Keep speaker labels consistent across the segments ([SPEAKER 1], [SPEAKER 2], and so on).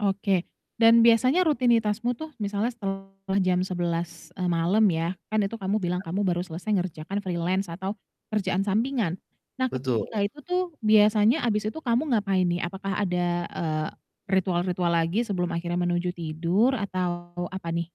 [SPEAKER 1] Oke dan biasanya rutinitasmu tuh misalnya setelah jam 11.00, eee, malam ya, kan itu kamu bilang
[SPEAKER 2] Iya.
[SPEAKER 1] kamu baru selesai mengerjakan freelance atau kerjaan sampingan. Nah ketika
[SPEAKER 2] Betul.
[SPEAKER 1] itu tuh biasanya habis itu kamu ngapain nih? Apakah ada, eee, ritual-ritual lagi sebelum akhirnya menuju tidur atau apa nih?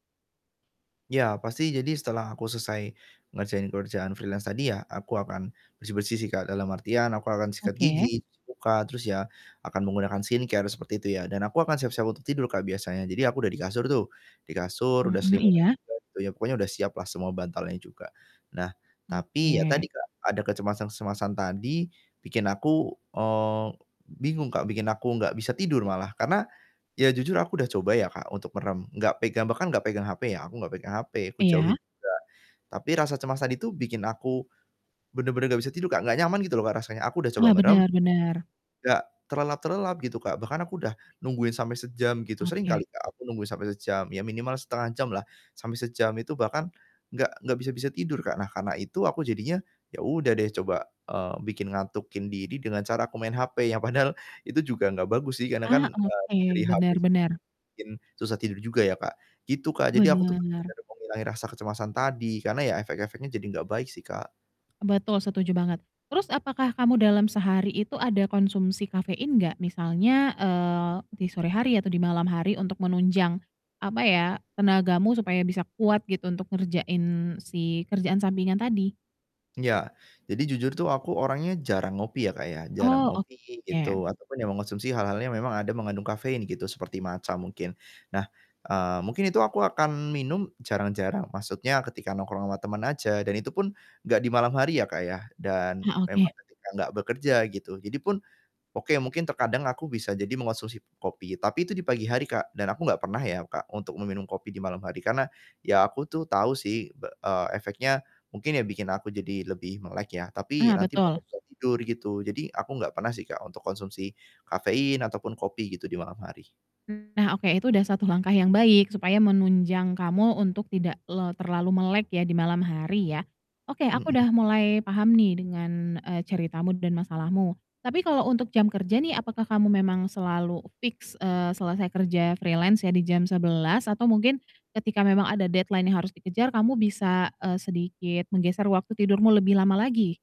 [SPEAKER 2] Ya pasti jadi setelah aku selesai ngerjain kerjaan freelance tadi ya, aku akan bersih-bersih sih, Kak, dalam artian aku akan sikat
[SPEAKER 1] Oke.
[SPEAKER 2] gigi, cuci muka, terus ya akan menggunakan skincare seperti itu ya, dan aku akan siap-siap untuk tidur, Kak, biasanya jadi aku udah di kasur tuh, di kasur udah
[SPEAKER 1] Mhm,
[SPEAKER 2] selimutan
[SPEAKER 1] iya.
[SPEAKER 2] juga gitu ya, pokoknya udah siap lah semua bantalnya juga. Nah tapi ya tadi,
[SPEAKER 1] Oke.
[SPEAKER 2] Kak, ada kecemasan-kecemasan tadi bikin aku, eee, bingung, Kak, bikin aku nggak bisa tidur malah, karena ya jujur aku udah coba ya, Kak, untuk merem, nggak pegang bahkan nggak pegang HP, ya aku nggak pegang HP, aku
[SPEAKER 1] Iya.
[SPEAKER 2] jauhin juga. Tapi rasa cemas tadi itu bikin aku bener-bener nggak bisa tidur, Kak, nggak nyaman gitu loh, Kak, rasanya aku udah coba
[SPEAKER 1] Ah,
[SPEAKER 2] merem,
[SPEAKER 1] benar benar.
[SPEAKER 2] nggak terlelap-terelap gitu, Kak. Bahkan aku udah nungguin sampai sejam gitu sering kali
[SPEAKER 1] Oke.
[SPEAKER 2] aku nunggu sampai sejam, ya minimal 0,5 jam lah sampai sejam itu bahkan nggak nggak bisa-bisa tidur, Kak. Nah karena itu aku jadinya ya udah deh coba, eee, bikin ngatukin diri dengan cara aku main HP yang padahal itu juga nggak bagus sih karena kan,
[SPEAKER 1] Ah,
[SPEAKER 2] eee,
[SPEAKER 1] oke,
[SPEAKER 2] dari HP
[SPEAKER 1] bener
[SPEAKER 2] sendiri
[SPEAKER 1] bener.
[SPEAKER 2] bikin susah tidur juga ya, Kak, gitu, Kak. Jadi aku tuh
[SPEAKER 1] Bener.
[SPEAKER 2] bener-bener mau ngilangin rasa kecemasan tadi, karena ya efek-efeknya jadi nggak baik sih, Kak.
[SPEAKER 1] Betul setuju banget. Terus apakah kamu dalam sehari itu ada konsumsi kafein gak? Misalnya, eee, di sore hari atau di malam hari untuk menunjang, apa ya tenagamu supaya bisa kuat gitu untuk ngerjain si kerjaan sampingan tadi?
[SPEAKER 2] Iya, jadi jujur tuh aku orangnya jarang ngopi ya, Kak, ya jarang
[SPEAKER 1] Oh,
[SPEAKER 2] ngopi gitu
[SPEAKER 1] oke.
[SPEAKER 2] ataupun yang mengkonsumsi hal-hal yang memang ada mengandung kafein gitu, seperti matcha mungkin. Nah, eee, mungkin itu aku akan minum jarang-jarang, maksudnya ketika nongkrong sama temen aja dan itupun gak di malam hari ya, Kak, ya dan
[SPEAKER 1] Ha oke.
[SPEAKER 2] memang ketika gak bekerja gitu. Jadi pun, oke mungkin terkadang aku bisa jadi mengkonsumsi kopi tapi itu di pagi hari, Kak, dan aku gak pernah ya, Kak, untuk meminum kopi di malam hari, karena ya aku tuh tahu sih, be eee, efeknya mungkin ya bikin aku jadi lebih melek ya, tapi
[SPEAKER 1] Ah,
[SPEAKER 2] nanti bakal
[SPEAKER 1] betul.
[SPEAKER 2] susah tidur gitu, jadi aku ga pernah sih, Kak, untuk konsumsi kafein ataupun kopi gitu di malam hari.
[SPEAKER 1] Nah oke itu udah satu langkah yang baik, supaya menunjang kamu, eee, untuk tidak terlalu melek ya di malam hari ya. Oke aku
[SPEAKER 2] Mhm.
[SPEAKER 1] udah mulai paham nih dengan, eee, ceritamu dan masalahmu, tapi kalau untuk jam kerja nih apakah kamu memang selalu e fix, eee, selesai kerja freelance ya di jam 11.00 atau mungkin ketika memang ada deadline yang harus dikejar kamu bisa, eee, sedikit menggeser waktu tidurmu lebih lama lagi?